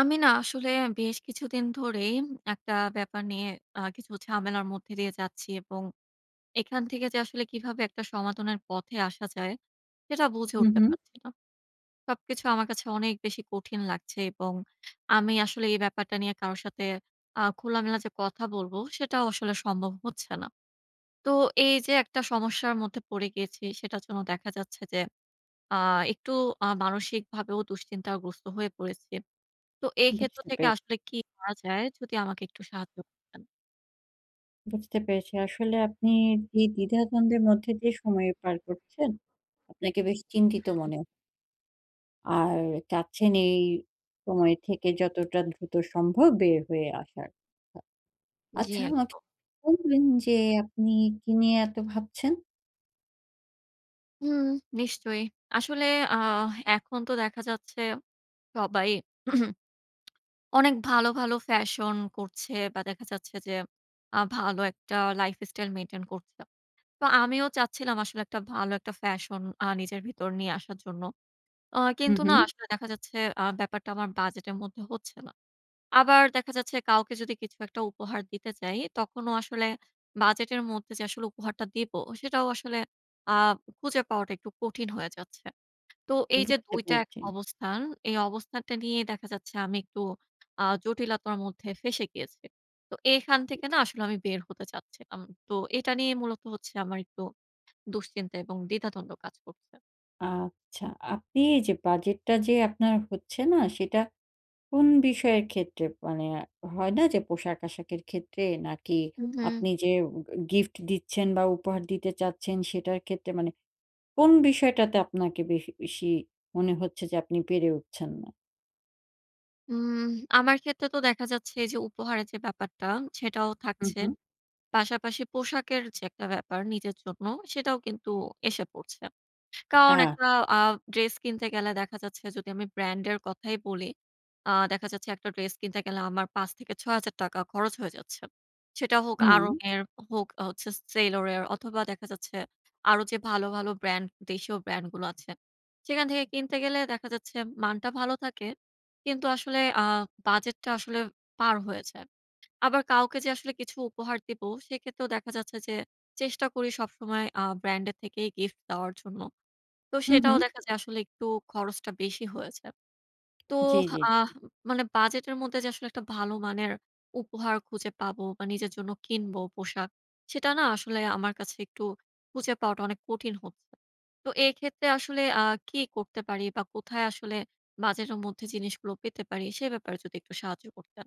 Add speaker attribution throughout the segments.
Speaker 1: আমি না আসলে বেশ কিছুদিন ধরেই একটা ব্যাপার নিয়ে আ কিছু ঝামেলার মধ্যে দিয়ে যাচ্ছি। এবং এখান থেকে যে আসলে কীভাবে একটা সমাধানের পথে আসা যায়, সেটা বুঝে
Speaker 2: হু,
Speaker 1: উঠতে
Speaker 2: হু।
Speaker 1: পারছি না। সবকিছু আমার কাছে অনেক বেশি কঠিন লাগছে, এবং আমি আসলে এই ব্যাপারটা নিয়ে কারোর সাথে, আ খোলামেলা যে কথা বলব, সেটাও আসলে সম্ভব হচ্ছে না। তো এই যে একটা সমস্যার মধ্যে পড়ে গিয়েছি সেটার জন্য দেখা যাচ্ছে যে, আ একটু আ মানসিকভাবেও দুশ্চিন্তাগ্রস্ত হয়ে পড়েছি। তো এই ক্ষেত্র
Speaker 2: বুঝতে
Speaker 1: থেকে
Speaker 2: পেরে
Speaker 1: আসলে কি করা যায়, যদি আমাকে একটু সাহায্য করতেন?
Speaker 2: বুঝতে পেরেছি। আসলে আপনি যে দ্বিধাদ্বন্দ্বের মধ্যে দিয়ে যে সময় পার করছেন, আপনাকে বেশ চিন্তিত
Speaker 1: হুম।
Speaker 2: মনে আর, চাচ্ছেন এই সময় থেকে যতটা দ্রুত সম্ভব বের হয়ে আসার। আ
Speaker 1: জি,
Speaker 2: আচ্ছা, আমাকে
Speaker 1: একদম।
Speaker 2: বলবেন যে, আপনি কী নিয়ে এত ভাবছেন?
Speaker 1: উম নিশ্চয়ই। আসলে, আহ এখন তো দেখা যাচ্ছে সবাই অনেক ভালো, ভালো ফ্যাশন করছে, বা দেখা যাচ্ছে যে আ ভালো একটা lifestyle maintain করছে। তো আমিও চাচ্ছিলাম আসলে একটা ভালো একটা ফ্যাশন আ নিজের ভিতর নিয়ে আসার জন্য। আ
Speaker 2: হু,
Speaker 1: কিন্তু না,
Speaker 2: হু।
Speaker 1: আসলে দেখা যাচ্ছে আ ব্যাপারটা আমার বাজেটের মধ্যে হচ্ছে না। আবার দেখা যাচ্ছে, কাউকে যদি কিছু একটা উপহার দিতে চাই, তখনও আসলে বাজেটের মধ্যে, যে আসলে উপহারটা দিবো, সেটাও আসলে আ খুঁজে পাওয়াটা একটু কঠিন হয়ে যাচ্ছে। তো এই যে
Speaker 2: বুঝতে
Speaker 1: ২ টা এক
Speaker 2: পেরেছি।
Speaker 1: অবস্থান, এই অবস্থানটা নিয়ে দেখা যাচ্ছে আমি একটু আ জটিলতার মধ্যে ফেঁসে গিয়েছি। তো এখান
Speaker 2: হুম।
Speaker 1: থেকে না আসলে আমি বের হতে চাচ্ছিলাম। তো এটা নিয়ে মূলত হচ্ছে আমার একটু দুশ্চিন্তা এবং দ্বিধাদ্বন্দ্ব কাজ করছে।
Speaker 2: আচ্ছা। আপনি এই যে বাজেটটা যে আপনার হচ্ছে না, সেটা কোন বিষয়ের ক্ষেত্রে? মানে হয় না যে, পোশাক-আশাকের ক্ষেত্রে? নাকি
Speaker 1: উ হুম।
Speaker 2: আপনি যে ও গ গিফট দিচ্ছেন বা উপহার দিতে চাচ্ছেন সেটার ক্ষেত্রে? মানে কোন বিষয়টাতে আপনাকে বেশি বেশি মনে হচ্ছে যে আপনি পেরে উঠছেন না?
Speaker 1: উম আমার ক্ষেত্রে তো দেখা যাচ্ছে যে, উপহারের যে ব্যাপারটা সেটাও
Speaker 2: হুম,
Speaker 1: থাকছে।
Speaker 2: হুম।
Speaker 1: পাশাপাশি পোশাকের যে একটা ব্যাপার নিজের জন্য, সেটাও কিন্তু এসে পড়ছে। কারণ
Speaker 2: আচ্ছা।
Speaker 1: একটা আ ড্রেস কিনতে গেলে দেখা যাচ্ছে যদি আমি ব্র্যান্ড এর কথাই বলি। আ দেখা যাচ্ছে একটা ড্রেস কিনতে গেলে আমার ৳৫ থেকে ৳৬,০০০ খরচ হয়ে যাচ্ছে। সেটা হোক
Speaker 2: হুম।
Speaker 1: Aarong এর, অ হোক অ হচ্ছে Sailor এর অথবা দেখা যাচ্ছে, আরো যে ভালো, ভালো ব্র্যান্ড, দেশীয় ব্র্যান্ড গুলো আছে। সেখান থেকে কিনতে গেলে দেখা যাচ্ছে মানটা ভালো থাকে। কিন্তু আসলে আ বাজেটটা আসলে পার হয়ে যায়। আবার কাউকে যে আসলে কিছু উপহার দিবো, সেক্ষেত্রেও দেখা যাচ্ছে যে চেষ্টা করি সবসময় আ ব্র্যান্ড এর থেকেই গিফট দেওয়ার জন্য। তো
Speaker 2: হুম,
Speaker 1: সেটাও
Speaker 2: হুম।
Speaker 1: দেখা যায় আসলে একটু খরচটা বেশি হয়ে যায়। তো
Speaker 2: জি, জি,
Speaker 1: আহ
Speaker 2: জি।
Speaker 1: উম মানে বাজেট এর মধ্যে যে আসলে একটা ভালো মানের উপহার খুঁজে পাবো বা নিজের জন্য কিনবো পোশাক। সেটা না আসলে আমার কাছে একটু খুঁজে পাওয়াটা অনেক কঠিন হচ্ছে। তো এক্ষেত্রে আসলে আ কি করতে পারি বা কোথায় আসলে বাজেটের মধ্যে জিনিসগুলো পেতে পারি? সে ব্যাপারে যদি একটু সাহায্য করতেন।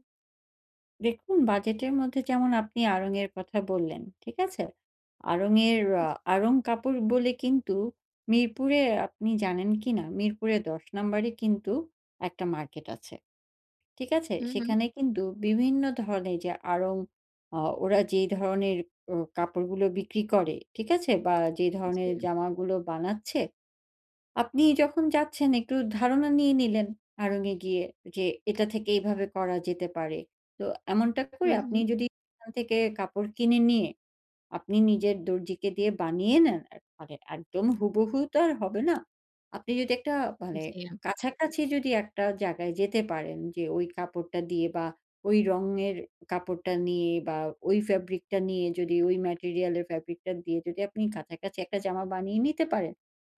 Speaker 2: দেখুন বাজেটের মধ্যে যেমন আপনি আড়ং এর কথা বললেন। ঠিক আছে? আড়ং এর আ
Speaker 1: জি।
Speaker 2: আড়ং কাপড় বলে কিন্তু মিরপুরে আপনি জানেন কি না মিরপুরে ১০ নাম্বারে কিন্তু একটা মার্কেট আছে। ঠিক আছে?
Speaker 1: হু, হু।
Speaker 2: সেখানে কিন্তু বিভিন্ন ধরনের যে আড়ং আ ওরা যেই ধরনের অ কাপড়গুলো বিক্রি করে, ঠিক আছে? বা যেই ধরনের
Speaker 1: জি।
Speaker 2: জামাগুলো বানাচ্ছে। আপনি যখন যাচ্ছেন একটু ধারণা নিয়ে নিলেন আড়ং এ গিয়ে যে এটা থেকে এইভাবে করা যেতে পারে। তো এমনটা
Speaker 1: হু,
Speaker 2: করে আপনি
Speaker 1: হু।
Speaker 2: যদি এখান থেকে কাপড় কিনে নিয়ে আপনি নিজের দর্জিকে দিয়ে বানিয়ে নেন এ মানে একদম হুবহু তো আর হবে না। আপনি যদি একটা মানে
Speaker 1: জি।
Speaker 2: কাছাকাছি যদি একটা জায়গায় যেতে পারেন যে ওই কাপড়টা দিয়ে বা ওই রঙের কাপড়টা নিয়ে বা ওই ফ্যাব্রিকটা নিয়ে যদি ওই ম্যাটেরিয়ালের ফ্যাব্রিকটা দিয়ে যদি আপনি কাছাকাছি একটা জামা বানিয়ে নিতে পারেন।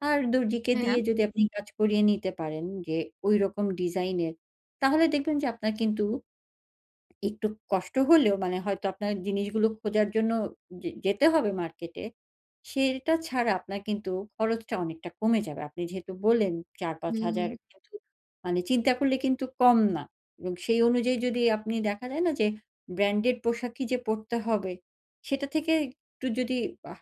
Speaker 2: আর দর্জিকে দিয়ে
Speaker 1: হ্যাঁ।
Speaker 2: যদি আপনি কাজ করিয়ে নিতে পারেন যে ওইরকম ডিজাইনের। তাহলে দেখবেন যে আপনার কিন্তু একটু কষ্ট হলেও মানে হয়তো আপনার জিনিসগুলো খোঁজার জন্য যে যেতে হবে মার্কেটে। সেটা ছাড়া আপনার কিন্তু খরচটা অনেকটা কমে যাবে। আপনি যেহেতু বললেন
Speaker 1: হু,
Speaker 2: ৪-৫ হাজার
Speaker 1: হু।
Speaker 2: টাকা মানে চিন্তা করলে কিন্তু কম না এবং সেই অনুযায়ী যদি আপনি দেখা যায় না যে ব্র্যান্ডেড পোশাকই যে পরতে হবে সেটা থেকে একটু যদি বাহ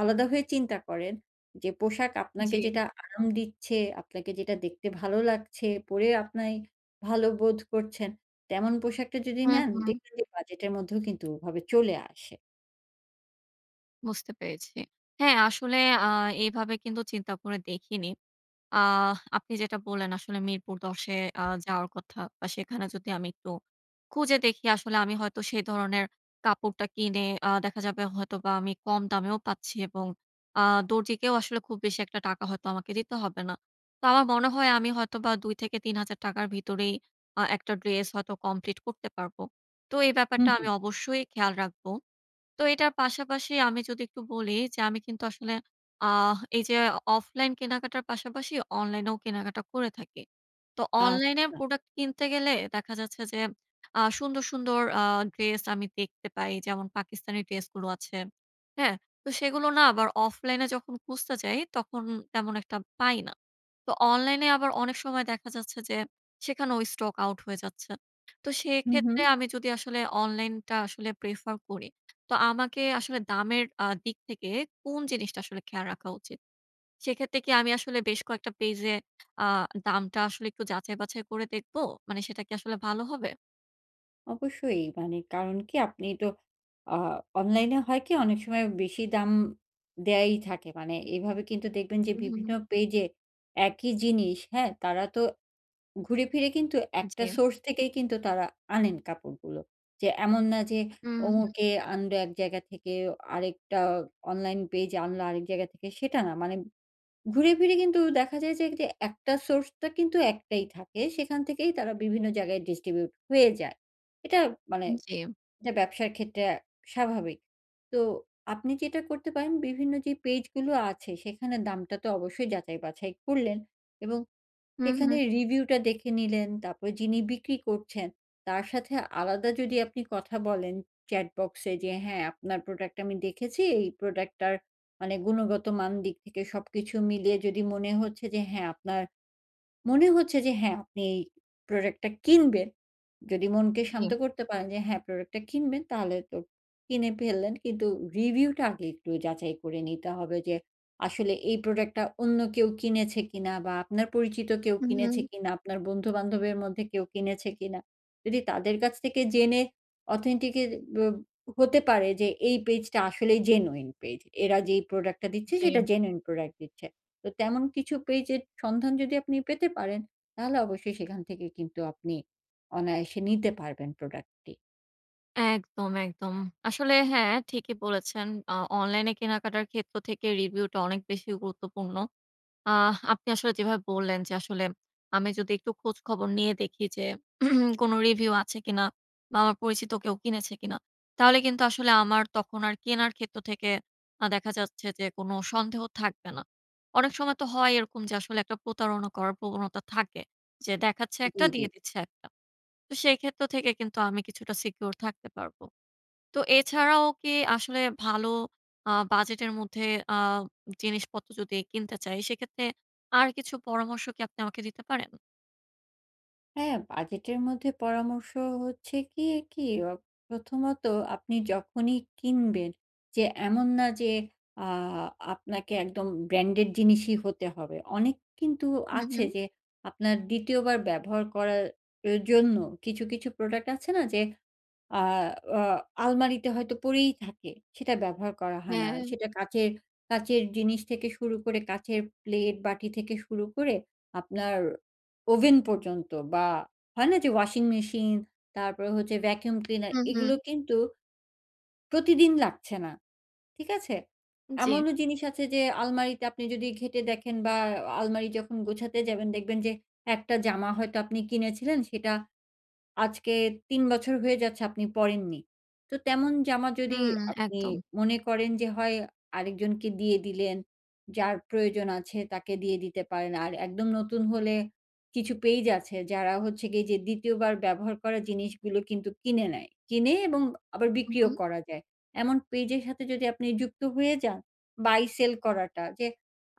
Speaker 2: আলাদা হয়ে চিন্তা করেন। যে পোশাক আপনাকে
Speaker 1: জী।
Speaker 2: যেটা আরাম দিচ্ছে, আপনাকে যেটা দেখতে ভালো লাগছে, পরে আপনি ভালো বোধ করছেন তেমন পোশাকটা যদি
Speaker 1: হু,
Speaker 2: নেন,
Speaker 1: হু।
Speaker 2: দেখবেন যে বাজেটের মধ্যেও কিন্তু ওভাবে চলে আসে।
Speaker 1: বুঝতে পেরেছি। হ্যাঁ, আসলে আ এভাবে কিন্তু চিন্তা করে দেখিনি। আহ আপনি যেটা বললেন আসলে মিরপুর ১০ এ আ যাওয়ার কথা বা সেখানে যদি আমি একটু খুঁজে দেখি আসলে আমি হয়তো সে ধরনের কাপড়টা কিনে আ দেখা যাবে হয়তোবা আমি কম দামেও পাচ্ছি এবং আ দরজিকেও আসলে খুব বেশি একটা টাকা হয়তো আমাকে দিতে হবে না। তো আমার মনে হয় আমি হয়তোবা ২-৩ হাজার টাকার ভিতরেই আ একটা ড্রেস হয়তো কমপ্লিট করতে পারবো। তো এই
Speaker 2: হুম,
Speaker 1: ব্যাপারটা
Speaker 2: হুম।
Speaker 1: আমি অবশ্যই খেয়াল রাখবো। তো এটার পাশাপাশি আমি যদি একটু বলি যে আমি কিন্তু আসলে আহ এই যে অফলাইন কেনাকাটার পাশাপাশি অনলাইনেও কেনাকাটা করে থাকি। তো অনলাইনে
Speaker 2: আচ্ছা।
Speaker 1: প্রোডাক্ট কিনতে গেলে দেখা যাচ্ছে যে আ সুন্দর, সুন্দর আ ড্রেস আমি দেখতে পাই। যেমন পাকিস্তানি ড্রেস গুলো আছে। হ্যাঁ? তো সেগুলো না আবার অফলাইন এ যখন খুঁজতে যাই, তখন তেমন একটা পাই না। তো অনলাইনে আবার অনেক সময় দেখা যাচ্ছে যে, সেখানেও স্টক আউট হয়ে যাচ্ছে। তো
Speaker 2: হুম, হুম।
Speaker 1: সেক্ষেত্রে আমি যদি আসলে অনলাইনটা আসলে prefer করি, তো আমাকে আসলে দামের আ দিক থেকে কোন জিনিসটা আসলে খেয়াল রাখা উচিত? সেক্ষেত্রে কি আমি আসলে বেশ কয়েকটা পেজ এ আ দামটা আসলে একটু যাচাই-বাছাই করে দেখবো? মানে সেটা কি আসলে ভালো হবে?
Speaker 2: অবশ্যই মানে কারন কি আপনি তো আ অনলাইনে হয় কি? অনেক সময় বেশি দাম দেওয়াই থাকে। মানে এইভাবে কিন্তু দেখবেন যে বিভিন্ন
Speaker 1: উহু।
Speaker 2: পেজে একই জিনিস, হ্যাঁ? তারা তো ঘুরেফিরে কিন্তু একটা
Speaker 1: জি।
Speaker 2: সোর্স থেকেই কিন্তু তারা আনেন কাপড়গুলো। যে এমন না যে
Speaker 1: উহুম।
Speaker 2: অমুকে আনবে এক জায়গা থেকে, আরেকটা অনলাইন পেজ আনলো আরেক জায়গা থেকে সেটা না। মানে ঘুরে ফিরে কিন্তু দেখা যায় যে তে এক টা সোর্সটা কিন্তু একটাই থাকে। সেখান থেকেই তারা বিভিন্ন জায়গায় distribute হয়ে যায়। এটা মানে
Speaker 1: জি।
Speaker 2: এটা ব্যবসার ক্ষেত্রে আ স্বাভাবিক। তো আপনি যেটা করতে পারেন, বিভিন্ন যে পেজগুলো আছে সেখানে দামটা তো অবশ্যই যাচাই-বাছাই করলেন, এবং
Speaker 1: হুম,
Speaker 2: সেখানে
Speaker 1: হুম।
Speaker 2: রিভিউটা দেখে নিলেন, তারপরে যিনি বিক্রি করছেন তার সাথে আলাদা যদি আপনি কথা বলেন চ্যাটবক্সে যে, "হ্যাঁ আপনার প্রোডাক্ট আমি দেখেছি" এই প্রোডাক্টটার মানে গুণগত মান দিক থেকে সবকিছু মিলিয়ে যদি মনে হচ্ছে যে, হ্যাঁ, আপনার মনে হচ্ছে যে হ্যাঁ, আপনি প্রোডাক্টটা কিনবেন। যদি মনকে শান্ত
Speaker 1: জি।
Speaker 2: করতে পারেন, যে হ্যাঁ প্রোডাক্ট টা কিনবেন তাহলে তো কিনে ফেললেন। কিন্তু রিভিউ টা আগে একটু যাচাই করে নিতে হবে যে, আসলে এই প্রোডাক্ট টা অন্য কেউ কিনেছে কিনা? বা আপনার পরিচিত কেউ
Speaker 1: হু,
Speaker 2: কিনেছে
Speaker 1: হুম।
Speaker 2: কিনা? আপনার বন্ধু-বান্ধবের মধ্যে কেউ কিনেছে কিনা? যদি তাদের কাছে থেকে জেনে authentic এর ব্য হতে পারে, যে এই পেজটা আসলেই genuine পেজ। এরা যেই প্রোডাক্টটা দিচ্ছে
Speaker 1: জি
Speaker 2: সেটা
Speaker 1: এম
Speaker 2: genuine প্রোডাক্ট দিচ্ছে। তো তেমন কিছু পেজের সন্ধান যদি আপনি পেতে পারেন, তাহলে অবশ্যই সেখান থেকে কিন্তু আপনি অনায়াসে নিতে পারবেন প্রোডাক্টটি।
Speaker 1: একদম, একদম। আসলে হ্যাঁ, ঠিকই বলেছেন। আ অনলাইনে কেনাকাটার ক্ষেত্র থেকে রিভিউটা অনেক বেশি গুরুত্বপূর্ণ। আহ আপনি আসলে যেভাবে বললেন যে, আসলে আমি যদি একটু খোঁজ খবর নিয়ে দেখি যে কোনো রিভিউ আছে কিনা বা, আমার পরিচিত কেউ কিনেছে কিনা? তাহলে কিন্তু আসলে আমার তখন আর কেনার ক্ষেত্র থেকে আ দেখা যাচ্ছে যে কোন সন্দেহ থাকবে না। অনেক সময় তো হয় এরকম যে আসলে একটা প্রতারণা করার প্রবণতা থাকে। যে দেখাচ্ছে
Speaker 2: জি,
Speaker 1: একটা
Speaker 2: জি।
Speaker 1: দিয়ে দিচ্ছে একটা। তো সেক্ষেত্র থেকে কিন্তু আমি কিছুটা সিকিউর থাকতে পারব। তো এছাড়াও কি আসলে ভালো আ বাজেটের মধ্যে আ জিনিসপত্র যদি কিনতে চাই, সেক্ষেত্রে আর কিছু পরামর্শ কি আপনি আমাকে দিতে পারেন?
Speaker 2: হ্যাঁ, বাজেটের মধ্যে পরামর্শ হচ্ছে কি, কি? অ প্রথমত, আপনি যখনই কিনবেন যে এমন না যে, আ আপনাকে একদম ব্র্যান্ডেড জিনিসই হতে হবে। অনেক কিন্তু
Speaker 1: হু,
Speaker 2: আছে
Speaker 1: হু।
Speaker 2: যে আপনার ২য় বার ব্যবহার করা এর জন্য কিছু, কিছু প্রোডাক্ট আছে না? যে আ আ আলমারিতে হয়তো পড়েই থাকে, সেটা ব্যবহার করা হয় না।
Speaker 1: হ্যাঁ।
Speaker 2: সেটা কাচের কাচের জিনিস থেকে শুরু করে কাচের প্লেট, বাটি থেকে শুরু করে আপনার ওভেন পর্যন্ত বা, হয় না? যে ওয়াশিং মেশিন, তারপরে হচ্ছে ভ্যাকুম ক্লিনার
Speaker 1: হু,
Speaker 2: এগুলো
Speaker 1: হু।
Speaker 2: কিন্তু প্রতিদিন লাগছে না। ঠিক আছে?
Speaker 1: জি।
Speaker 2: এমনও জিনিস আছে যে আলমারিতে আপনি যদি ঘেঁটে দেখেন বা, আ আলমারি যখন গুছাতে যাবেন, দেখবেন যে একটা জামা হয়তো আপনি কিনেছিলেন, সেটা আজকে ৩ বছর হয়ে যাচ্ছে আপনি পরেননি। তো তেমন জামা যদি
Speaker 1: হুম,
Speaker 2: আপনি
Speaker 1: একদম।
Speaker 2: মনে করেন যে, হয় আরেকজনকে দিয়ে দিলেন, যার প্রয়োজন আছে তাকে দিয়ে দিতে পারেন। আর একদম নতুন হলে কিছু পেইজ আছে যারা হচ্ছে গিয়ে যে ২য় বার ব্যবহার করা জিনিসগুলো কিন্তু কিনে নেয়। কিনে এবং আবার
Speaker 1: হুম,
Speaker 2: বিক্রিও
Speaker 1: হুম।
Speaker 2: করা যায়। এমন পেইজের সাথে যদি আপনি যুক্ত হয়ে যান, বাই-সেল করাটা। যে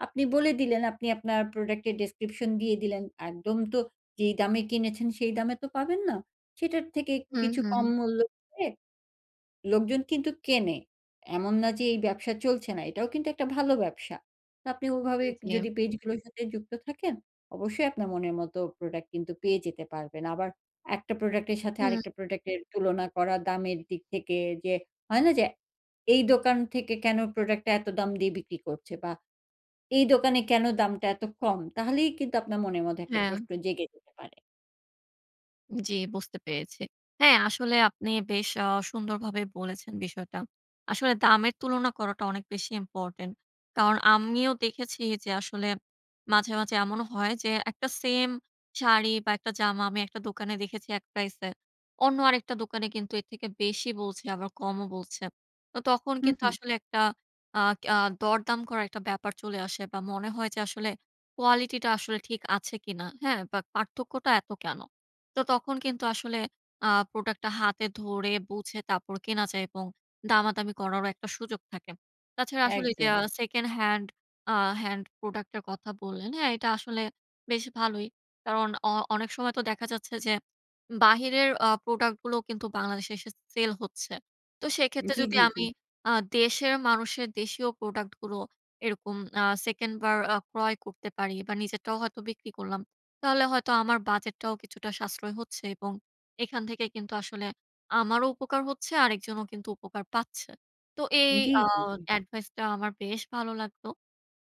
Speaker 2: আপনি বলে দিলেন আপনি আপনার প্রোডাক্টের ডেসক্রিপশন দিয়ে দিলেন। একদম তো যেই দামে কিনেছেন সেই দামে তো পাবেন না। সেটার থেকে
Speaker 1: হু,
Speaker 2: কিছু কম
Speaker 1: হু।
Speaker 2: মূল্য দিয়ে লোকজন কিন্তু কেনে। এমন না যে এই ব্যবসা চলছে না, এটাও কিন্তু একটা ভালো ব্যবসা। তো আপনি ওইভাবে
Speaker 1: এ জি।
Speaker 2: যদি পেজগুলোর সাথে যুক্ত থাকেন, অবশ্যই আপনার মনের মতো প্রোডাক্ট কিন্তু পেয়ে যেতে পারবেন। আবার একটা প্রোডাক্টের সাথে
Speaker 1: হু।
Speaker 2: আরেকটা প্রোডাক্টের তুলনা করা দামের দিক থেকে যে হয় না? যে এই দোকান থেকে কেন প্রোডাক্টটা এত দাম দিয়ে বিক্রি করছে বা, এই দোকানে কেন দামটা এত কম? তাহলেই কিন্তু আপনার মনের মধ্যে একটা
Speaker 1: হ্যাঁ।
Speaker 2: প্রশ্ন জেগে যেতে পারে।
Speaker 1: জি বুঝতে পেরেছি। হ্যাঁ, আসলে আপনি বেশ অ সুন্দরভাবে বলেছেন বিষয়টা। আসলে দামের তুলনা করাটা অনেক বেশি ইম্পোর্টেন্ট। কারণ আমিও দেখেছি যে আসলে মাঝে, মাঝে এমনও হয় যে ১ টা সেম শাড়ি বা ১ টা জামা আমি ১ টা দোকানে দেখেছি ১ প্রাইসে। অন্য আরেকটা দোকানে কিন্তু এর থেকে বেশি বলছে আবার কমও বলছে। তো তখন
Speaker 2: হু,
Speaker 1: কিন্তু
Speaker 2: হু।
Speaker 1: আসলে ১ টা আ কিয়া দরদাম করার একটা ব্যাপার চলে আসে বা মনে হয় যে আসলে কোয়ালিটি টা আসলে ঠিক আছে কিনা? হ্যাঁ? বা পার্থক্যটা এত কেন? তো তখন কিন্তু আসলে আ প্রোডাক্ট টা হাতে ধরে বুঝে তারপর কেনা যায় এবং দামাদামি করারও একটা সুযোগ থাকে। তাছাড়া আসলে ওইযে
Speaker 2: একদম।
Speaker 1: আ সেকেন্ড হ্যান্ড আ হ্যান্ড প্রোডাক্ট এর কথা বললেন। হ্যাঁ, এটা আসলে বেশ ভালোই। কারণ অ অনেক সময় তো দেখা যাচ্ছে যে বাহিরের আ প্রোডাক্ট গুলোও কিন্তু বাংলাদেশে এসে সেল হচ্ছে। তো সেক্ষেত্রে
Speaker 2: জি,
Speaker 1: যদি
Speaker 2: জি, জি।
Speaker 1: আমি আ দেশের মানুষের দেশীয় প্রোডাক্ট গুলো এরকম আ সেকেন্ড বার আ ক্রয় করতে পারি বা নিজেরটাও হয়তো বিক্রি করলাম। তাহলে হয়তো আমার বাজেটটাও কিছুটা সাশ্রয় হচ্ছে এবং এখান থেকে কিন্তু আসলে আমারও উপকার হচ্ছে। আরেকজনও কিন্তু উপকার পাচ্ছে। তো এই
Speaker 2: জি,
Speaker 1: আ
Speaker 2: জি, জি।
Speaker 1: এডভাইস টা আমার বেশ ভালো লাগতো।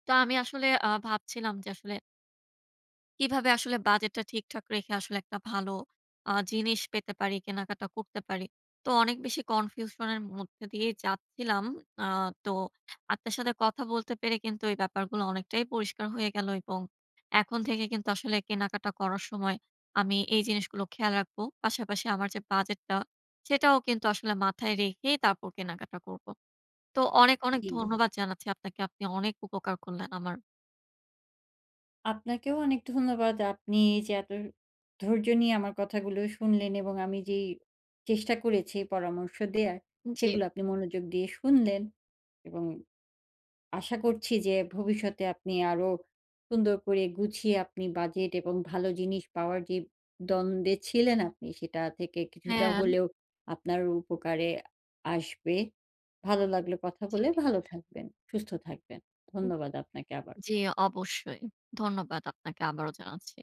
Speaker 1: তো আমি আসলে আ ভাবছিলাম যে আসলে কিভাবে আসলে বাজেটটা ঠিকঠাক রেখে আসলে একটা ভালো আ জিনিস পেতে পারি, কেনাকাটা করতে পারি। তো অনেক বেশি কনফিউশনের মধ্যে দিয়ে যাচ্ছিলাম। আ তো আপনার সাথে কথা বলতে পেরে কিন্তু এই ব্যাপারগুলো অনেকটাই পরিষ্কার হয়ে গেলো, এবং এখন থেকে কিন্তু আসলে কেনাকাটা করার সময় আমি এই জিনিসগুলো খেয়াল রাখব। পাশাপাশি আমার যে বাজেটটা, সেটাও কিন্তু আসলে মাথায় রেখেই তারপর কেনাকাটা করবো। তো অনেক,
Speaker 2: [unintelligible]
Speaker 1: অনেক
Speaker 2: জি।
Speaker 1: ধন্যবাদ জানাচ্ছি আপনাকে। আপনি অনেক উপকার করলেন আমার।
Speaker 2: আপনাকেও অনেক ধন্যবাদ। আপনি এই যে এত ধৈর্য নিয়ে আমার কথাগুলো শুনলেন, এবং আমি যেই চেষ্টা করেছি পরামর্শ দেয়ার,
Speaker 1: জি।
Speaker 2: সেগুলো আপনি মনোযোগ দিয়ে শুনলেন। এবং আশা করছি যে ভবিষ্যতে আপনি আরো সুন্দর করে গুছিয়ে আপনি বাজেট এবং ভালো জিনিস পাওয়ার যে দ্বন্দ্বে ছিলেন আপনি সেটা থেকে কিছুটা
Speaker 1: হ্যাঁ।
Speaker 2: হলেও আপনার উপকারে আসবে। ভালো লাগলো কথা
Speaker 1: জি
Speaker 2: বলে। ভালো
Speaker 1: নিশ্চয়ই।
Speaker 2: থাকবেন, সুস্থ থাকবেন,
Speaker 1: হু
Speaker 2: ধন্যবাদ আপনাকে আবার।
Speaker 1: জি অবশ্যই! ধন্যবাদ আপনাকে আবারও জানাচ্ছি।